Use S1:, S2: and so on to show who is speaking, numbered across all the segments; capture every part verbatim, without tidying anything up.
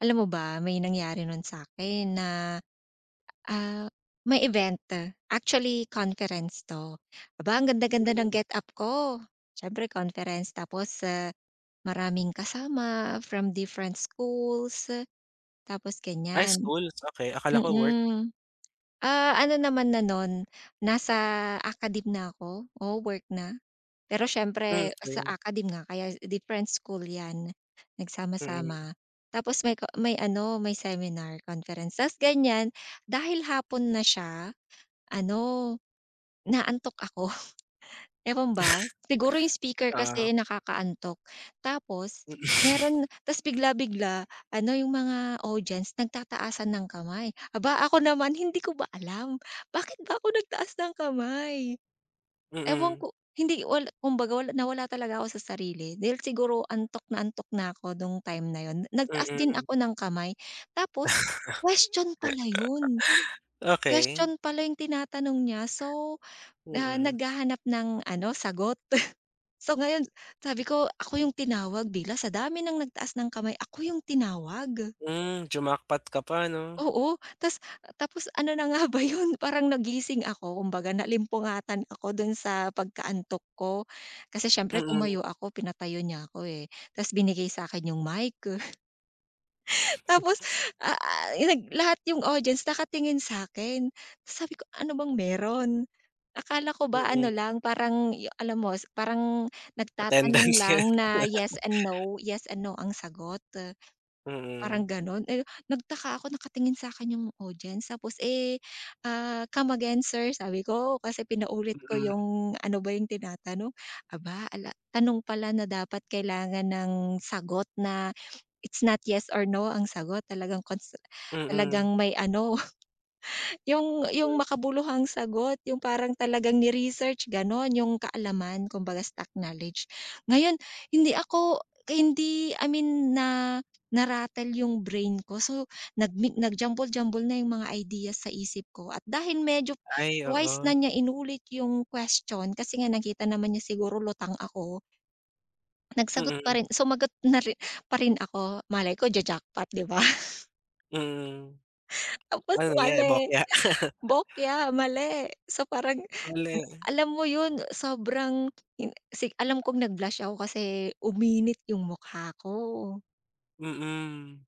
S1: Alam mo ba, may nangyari nun sa'kin, na, ah, may event, actually conference 'to. Aba ang ganda ganda ng
S2: Mhm.
S1: get up ko, siyempre conference tapos, ah, maraming kasama from different schools, tapos
S2: Ah,
S1: ganiyan.
S2: school, okey, akala ko work.
S1: Mm, ah, ano naman na no'n, nasa academe na ako, oo work na, pero
S2: Hmm,
S1: siyempre sa
S2: okey.
S1: academe nga kaya different school 'yan,
S2: Mm.
S1: nagsama-sama tapos may ko may ano, may seminar conference ta's ganiyan dahil hapon na siya, ano, inaantok ako, ewan ba siguro 'yung speaker kasi
S2: Oo.
S1: nakaka-antok, tapos
S2: Mm.
S1: meron ta's bigla-bigla, ano 'yung mga audience nagtataasan ng kamay, aba ako naman hindi ko ba alam, bakit ba ako nagtaas ng kamay. Ewan
S2: Mm.
S1: ko hindi wala kumbaga na nawala talaga ako sa sarili, dahil siguro antok na antok na ako nung time na 'yun, nagtaas din
S2: Mm.
S1: ako ng kamay, tapos question pala 'yun.
S2: Okey.
S1: Question pala 'yung tinatanong niya, so, na
S2: Mm.
S1: naghahanap ng ano, sagot. So, ngayon sabi ko ako 'yung tinawag bilang sa dami ng nagtaas ng kamay, ako 'yung tinawag.
S2: Hmm, jumackpot ka pa 'no.
S1: Oo, ta's, tapos ano na nga ba 'yun, parang nagising ako kumbaga naalimpungatan ako dun sa pagkaantok ko, kasi, siyempre
S2: Mm.
S1: tumayo ako, pinatayo niya ako, eh, ta's binigay sa'kin 'yung mic. Tapos, ah, nag lahat 'yung audience nakatingin sa'kin, sabi ko "ano bang meron?" Akala ko ba ano
S2: Mm.
S1: lang, parang 'yung alam mo, parang nagtatanong
S2: Attendance.
S1: lang na yes and no yes and no ang sagot. Parang
S2: Mm.
S1: ganun, eh, nagtaka ako nakatingin sa'kin 'yung audience tapos, eh, ah, "come again sir" sabi ko, kasi pinaulit ko
S2: Mm.
S1: 'yung ano ba 'yung tinatanong, aba, ala tanong pala na dapat kailangan ng sagot na, it's not yes or no ang sagot talagang kons
S2: Mm.
S1: talagang may ano. 'Yung, 'yung
S2: Hmm.
S1: makabuluhang sagot, 'yung parang talagang ni-research gano'n, 'yung kaalaman, kumbaga stock knowledge, ngayon, hindi ako hindi I mean na narattle 'yung brain ko, so, nag mi nag jumble-jumble na 'yung mga ideas sa isip ko at dahil medyo
S2: Ay,
S1: twice na
S2: oo.
S1: niya inulit 'yung question, kasi nga nakita naman niya siguro lutang ako Nagsagot pa
S2: Mm.
S1: rin sumagot na rin pa rin ako malay ko ja-jackpot 'di ba?
S2: Mm.
S1: Tapos
S2: Ano nagyari,
S1: mali,
S2: bokya?
S1: bokya, mali, so, parang
S2: Mali.
S1: alam mo 'yun, sobrang 'yung si alam kong nag blush ako, kasi, uminit 'yung mukha ko.
S2: Mm.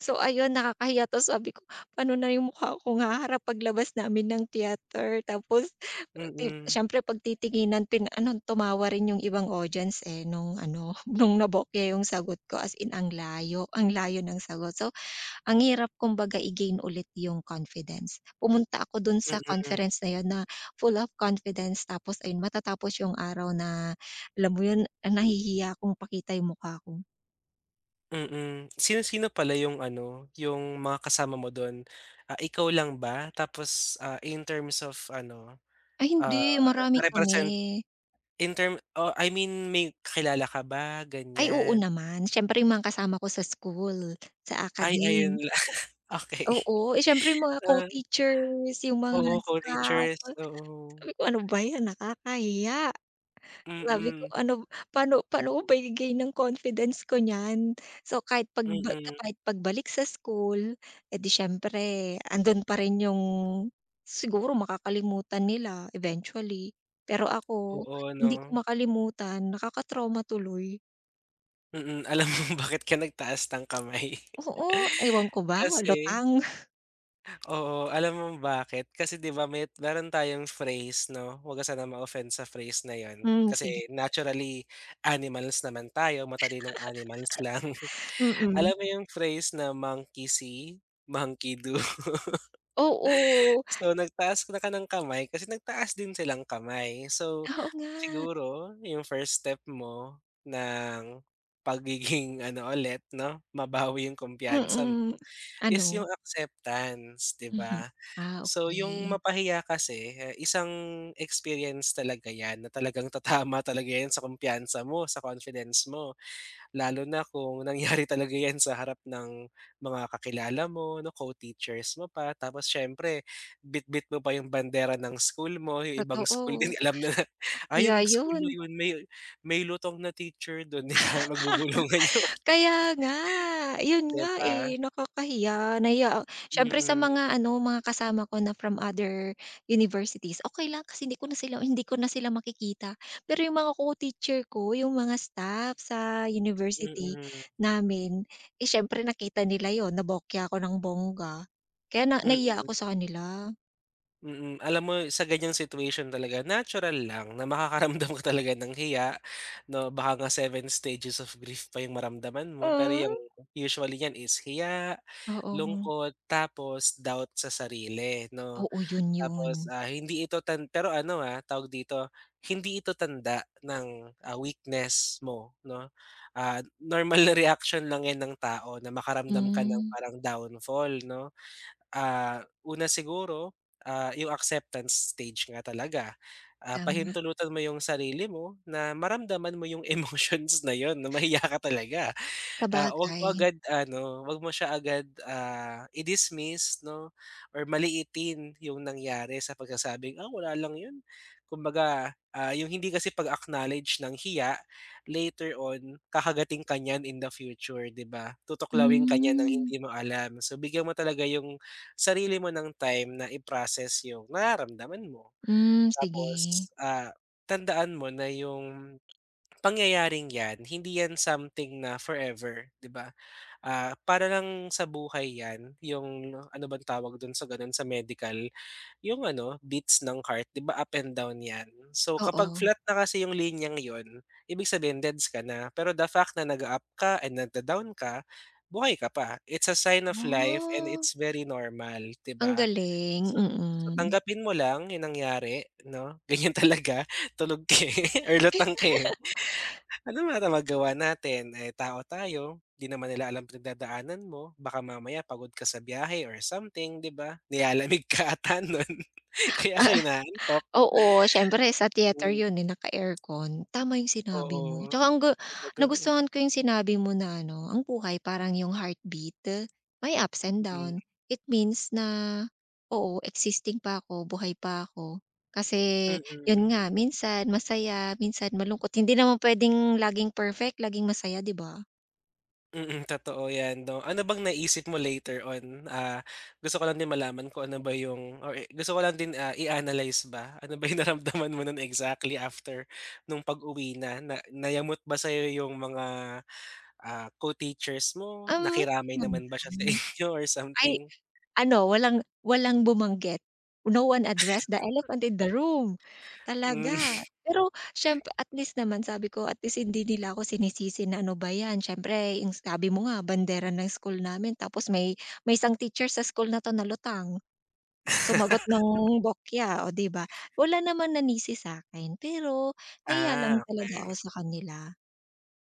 S1: So, ayun nakakahiya 'to, sabi ko, "pano na 'yung mukha kong haharap paglabas namin ng theatre," tapos [unintelligible]
S2: Mm.
S1: siyempre pagtitinginan pin ano tumawa rin 'yung ibang audience, eh, nung ano, nung nabokya 'yung sagot ko as in ang layo, ang layo ng sagot. So ang hirap kumbaga i-gain ulit 'yung confidence. Pumunta ako do'n sa
S2: Mm.
S1: conference na 'yun na full of confidence, tapos ayun matatapos 'yung araw na alam mo 'yun, nahihiya kong pakita 'yung mukha ko.
S2: Mm, sino-sino pala 'yung ano, 'yung mga kasama mo do'n, ah, ikaw lang ba tapos, ah, in terms of ano,
S1: Ay
S2: ah,
S1: hindi, marami kami.
S2: represent in term, oh, I mean may kilala ka ba
S1: Ay, oo
S2: ganiyan?
S1: naman, siyempre mga kasama ko sa school, sa
S2: Ay ayun
S1: academe.
S2: lang, okey,
S1: Oo, eh, siyempre mga
S2: ah.
S1: co-teachers, 'yung mga
S2: Oo,
S1: staff.
S2: co-teachers,
S1: Sabi
S2: oo.
S1: ko, "Ano ba 'yan nakakahiya," sabi ko,"
S2: Mm.
S1: ano b pa'no pa'no ko ba i-gain 'yung confidence ko niyan." So, kahit pag ba
S2: Mm.
S1: kahit pagbalik sa school, eh, di siyempre ando'n pa rin 'yung siguro makakalimutan nila eventually, pero ako,
S2: Oo,
S1: hindi
S2: 'no.
S1: ko makalimutan nakaka-trauma tuloy.
S2: Mm. Alam mo bakit ka nagtaas ng kamay?
S1: Oo, ewan ko ba,
S2: Kasi
S1: lutang.
S2: oo. Alam mo bakit? Kasi di ba may meron tayong phrase 'no, wag ka sanang ma-offend sa phrase na yun
S1: Hmm,
S2: kasi
S1: sige.
S2: naturally animals naman tayo, matalinong animals lang.
S1: Mm.
S2: Alam mo yung phrase na "Monkey see, monkey do."
S1: Oo.
S2: So, nagtaas na ka ng kamay, kasi nagtaas din silang kamay. So,
S1: Oo nga.
S2: siguro yung first step mo ng pagiging ano ulit 'no, mabawi yung kumpiyansa mo,
S1: Mm.
S2: is
S1: Ano?
S2: yung acceptance, di
S1: Mhm.
S2: ba.
S1: Ah,
S2: So, yung
S1: okey.
S2: mapahiya kasi, isang experience talaga 'yan na talagang tatama talaga 'yan sa kumpiyansa mo, sa confidence mo. Lalo na kung nangyari talaga 'yan sa harap ng mga kakilala mo 'no, co-teachers mo pa. Tapos siyempre bitbit mo pa yung bandera ng school mo, yung ibang school
S1: Totoo.
S2: din alam na, "Ah,
S1: Kaya
S2: yung school na
S1: yun.
S2: yun may may lutang na teacher dun." Kaya magbubulungan yung mga
S1: Kaya nga. Yun
S2: di
S1: nga,
S2: ba?
S1: eh, nakakahiya. Nahiya ak syempre sa
S2: Mm.
S1: mga ano, mga kasama ko na from other universities, okey lang kasi hindi ko na sila hindi ko na sila makikita. Pero yung mga co-teacher ko, yung mga staff sa university
S2: Mm
S1: namin, eh, siyempre nakita nila yun, nabokya ako ng bongga kaya na
S2: Mm.
S1: nahiya ako sa kanila.
S2: Mm, alam mo sa ganiyang situation talaga natural lang na makakaramdam ka talaga ng hiya 'no, baka nga seven stages of grief pa yung maramdaman mo, pero yang
S1: Hmm.
S2: usually yan is hiya,
S1: Oo.
S2: lungkot, tapos doubt sa sarili 'no.
S1: Oo, yun
S2: Tapos,
S1: 'yon.
S2: ah, hindi ito tan pero ano ah, tawag dito, hindi ito tanda ng, ah, weakness mo 'no. Ah, normal na reaction lang yan ng tao na makaramdam ka ng
S1: Hmm.
S2: parang downfall 'no. Ah, una siguro, ah, yung acceptance stage nga talaga, ah,
S1: Tama.
S2: pahintulutan mo yung sarili mo na maramdaman mo yung emotions na yun na mahiya ka talaga, ah, 'wag 'wag mo
S1: Sabagay.
S2: agad ano, 'wag mo siya agad, ah, i-dismiss 'no or maliitin yung nangyari sa pagsasabing, "Ah, wala lang yun." Kumbaga, ah, yung hindi kasi pag-acknowledge ng hiya, later on kakagatin ka niyan in the future 'di ba, tutuklawin ka niya ng
S1: Hmm.
S2: hindi mo alam, so bigyan mo talaga yung sarili mo ng time na i-process yung nararamdaman mo.
S1: Hmm, sige.
S2: Tapos, ah, tandaan mo na yung pangyayaring 'yan hindi 'yan something na forever 'di ba, ah, para lang sa buhay 'yan yung ano bang tawag dun sa ganun sa medical, yung ano, beats ng heart 'di ba up and down 'yan, so kapag
S1: Oo.
S2: flat na kasi yung linyang yun ibig sabihin deds ka na, pero the fact na nag-u-up ka and nag-d-down ka, buhay ka pa. It's a sign of life and
S1: Wah.
S2: it's very normal 'di
S1: Ang
S2: ba,
S1: galing,
S2: so so,
S1: mm.
S2: tanggapin mo lang yung nangyari 'no, ganyan talaga tulog ka, eh, or lutang ka, eh. Ano naman magagawa natin, eh, tao tayo, di naman nila alam pinagdadaanan mo baka mamaya pagod ka sa biyahe or something 'di ba? Nilalamig ka ata nun kaya ka inaantok.
S1: Oo, oo siyempre sa theater
S2: Mhm.
S1: yun, eh, naka-aircon, tama yung sinabi mo,
S2: Oo,
S1: 'tsaka ang ga
S2: talaga.
S1: nagustuhan ko yung sinabi mo na ano, ang buhay parang yung heartbeat, my ups and
S2: Mm.
S1: down, it means na, "Oo existing pa ko buhay pa ako," kasi
S2: Mm.
S1: yun nga minsan masaya minsan malungkot hindi naman puwedeng laging perfect, laging masaya 'di ba?
S2: Mm, totoo 'yan 'no. Ano bang naisip mo later on, ah, gusto ko lang din malaman kung ano ba yung or i gusto ko lang din, ah, i-analyze ba. Ano ba yung naramdaman mo noon exactly after nung pag-uwi na, na nayamot ba sa'yo yung mga, ah, co-teachers mo?
S1: Um,
S2: Nakiramay
S1: hindi
S2: naman ba siya sa
S1: naman,
S2: inyo or
S1: ay
S2: something?
S1: ano walang walang bumanggit, No one addressed the elephant in the room.
S2: Mm.
S1: Talaga! Pero siyempre at least naman sabi ko at least hindi nila ako sinisisi na ano ba 'yan, siyempre yung sabi mo nga bandera ng school namin tapos may may isang teacher sa school na 'to na lutang, sumagot ng bokya, oh, 'di ba. Wala naman nanisi sa'kin pero nahiya lang
S2: Ah,
S1: talaga ako
S2: okey.
S1: sa kanila.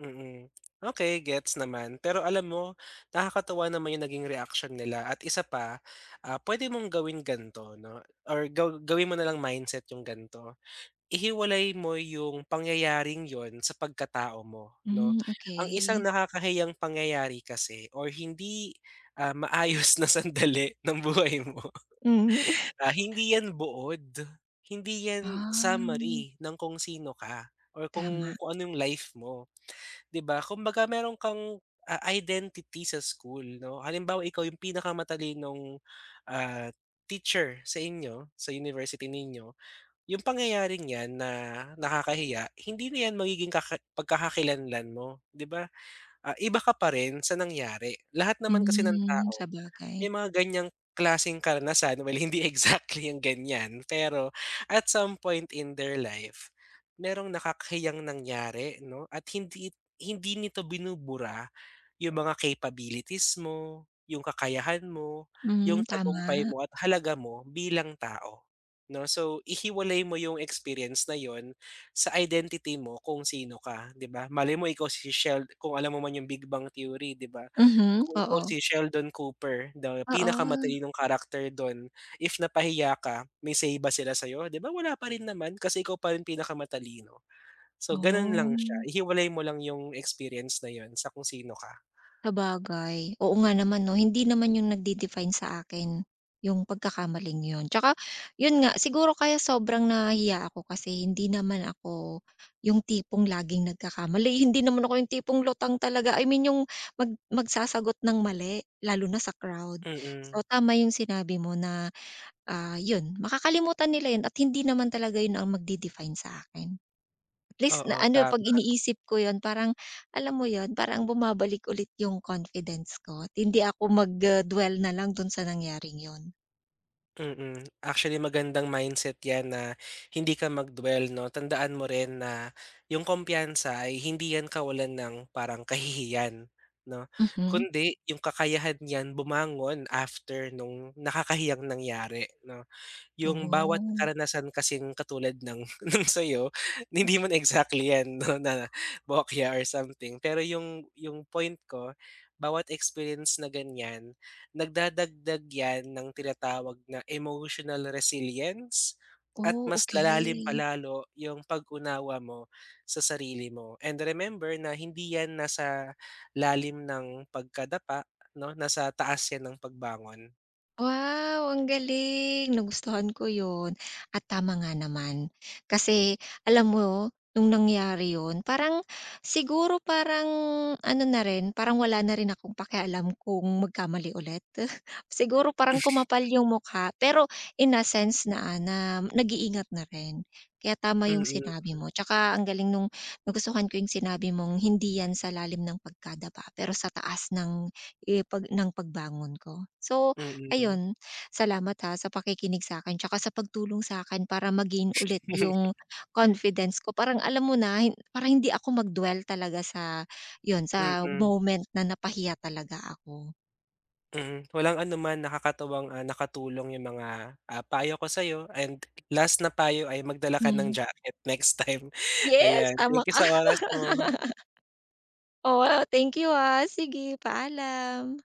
S2: Mm. Okey gets naman pero alam mo, nakakatuwa naman yung naging reaksyon nila at isa pa, ah, puwede mong gawin ganito 'no, or gaw gawin mo na lang mindset yung ganito. Ihiwalay mo yung pangyayaring 'yon sa pagkatao mo, 'no.
S1: Mm,
S2: Ang isang
S1: okey.
S2: nakakahiyang pangyayari kasi or hindi, ah, maayos na sandali ng buhay mo,
S1: Hmm.
S2: ah, hindi 'yan buod, hindi 'yan
S1: Ah.
S2: summary ng kung sino ka or kung
S1: Tama.
S2: kung ano yung life mo, 'di ba? Kumbaga meron kang, ah, identity sa school, 'no, halimbawa ikaw yung pinakamatalinong, ah, teacher sa inyo, sa university ninyo. Yung pangyayaring 'yan na nakakahiya, hindi na 'yan magiging kaka pagkakakilanlan mo, 'di ba, ah, iba ka pa rin sa nangyari. Lahat naman kasi ng
S1: Hmm,
S2: tao
S1: sabagay.
S2: may mga gan'yang klaseng karanasan, well hindi exactly yung gan'yan pero at some point in their life merong nakakahiyang nangyari 'no, at hindi hindi nito binubura yung mga capabilities mo, yung kakayahan mo, yung
S1: Mm,
S2: tagumpay
S1: tama.
S2: mo at halaga mo bilang tao, 'no. So, ihiwalay mo yung experience na 'yon sa identity mo kung sino ka, 'di ba. Malay mo ikaw si Shel kung alam mo man yung Big Bang Theory di ba.
S1: Mhm,
S2: Kung ikaw
S1: oo.
S2: si Sheldon Cooper the
S1: Oo.
S2: pinakamatalinong character dun, if napahiya ka may say ba sila sa'yo? 'Di ba wala pa rin naman kasi ikaw pa rin pinakamatalino. So, gano'n lang siya,
S1: Oh.
S2: ihiwalay mo lang yung experience na 'yon sa kung sino ka.
S1: Sabagay, oo nga naman 'no, hindi naman 'yon nagde-define sa akin, yung pagkakamaling 'yon. Tsaka 'yon nga siguro kaya sobrang nahihiya ako kasi hindi naman ako yung tipong laging nagkakamali, hindi naman ako yung tipong lutang talaga, I mean yung mag magsasagot ng mali lalo na sa crowd.
S2: Mm.
S1: So, tama yung sinabi mo na, ah, 'yon makakalimutan nila 'yon at hindi naman talaga 'yon ang magde-define sa akin. At least na
S2: Oo,
S1: ano, 'pag
S2: tama.
S1: iniisip ko 'yon parang alam mo 'yon parang bumabalik ulit yung confidence ko at hindi ako mag, ah, dwell na lang dun sa nangyaring 'yon.
S2: Mm, actually magandang mindset 'yan na hindi ka mag-dwell 'no, tandaan mo rin na 'yung kumpiyansa ay hindi 'yan kawalan ng parang kahihiyan 'no,
S1: Mhm.
S2: kundi 'yung kakayahan n'yan bumangon after nung nakakahiyang nangyari 'no. 'Yung bawat
S1: Oh.
S2: karanasan kasing katulad ng sa'yo,
S1: M
S2: hindi man exactly 'yan 'no, na bokya or something pero 'yung 'yung point ko bawat experience na ganiyan, nagdadagdag 'yan ng tinatawag na emotional resilience at
S1: Oh,
S2: mas lalalim pa
S1: okey.
S2: lalo 'yung pag-unawa mo sa sarili mo. And remember na hindi 'yan nasa lalim ng pagkadapa 'no, nasa taas 'yan ng pagbangon.
S1: Wow, ang galing nagustuhan ko 'yun. At tama nga naman, kasi alam mo nung nangyari 'yun parang siguro parang ano na rin, parang wala na rin akong pakialam kung magkamali ulit. Siguro parang kumapal 'yung mukha pero in a sense na, ah, na nag-iingat na rin. Kaya tama 'yung sinabi
S2: Mm.
S1: mo, tsaka ang galing nung nagustuhan ko 'yung sinabi mong hindi 'yan sa lalim ng pagkadapa pero sa taas ng ipag ng pagbangon ko. So
S2: Mm.
S1: ayun, salamat, ha, sa pakikinig sa'kin tsaka sa pagtulong sa'kin para ma-gain ulit 'yung confidence ko parang alam mo na, hin parang hindi ako mag-dwell talaga sa 'yun sa
S2: Mm.
S1: moment na napahiya talaga ako.
S2: Mm, walang anuman, nakakatuwang, ah, nakatulong 'yung mga, ah, payo ko sa'yo and last na payo ay magdala ka ng
S1: Hmm.
S2: jacket next time.
S1: Yes,
S2: Ayan,
S1: tama
S2: thank you
S1: ka.
S2: sa oras mo.
S1: Oo, thank you, ah. Sige, paalam.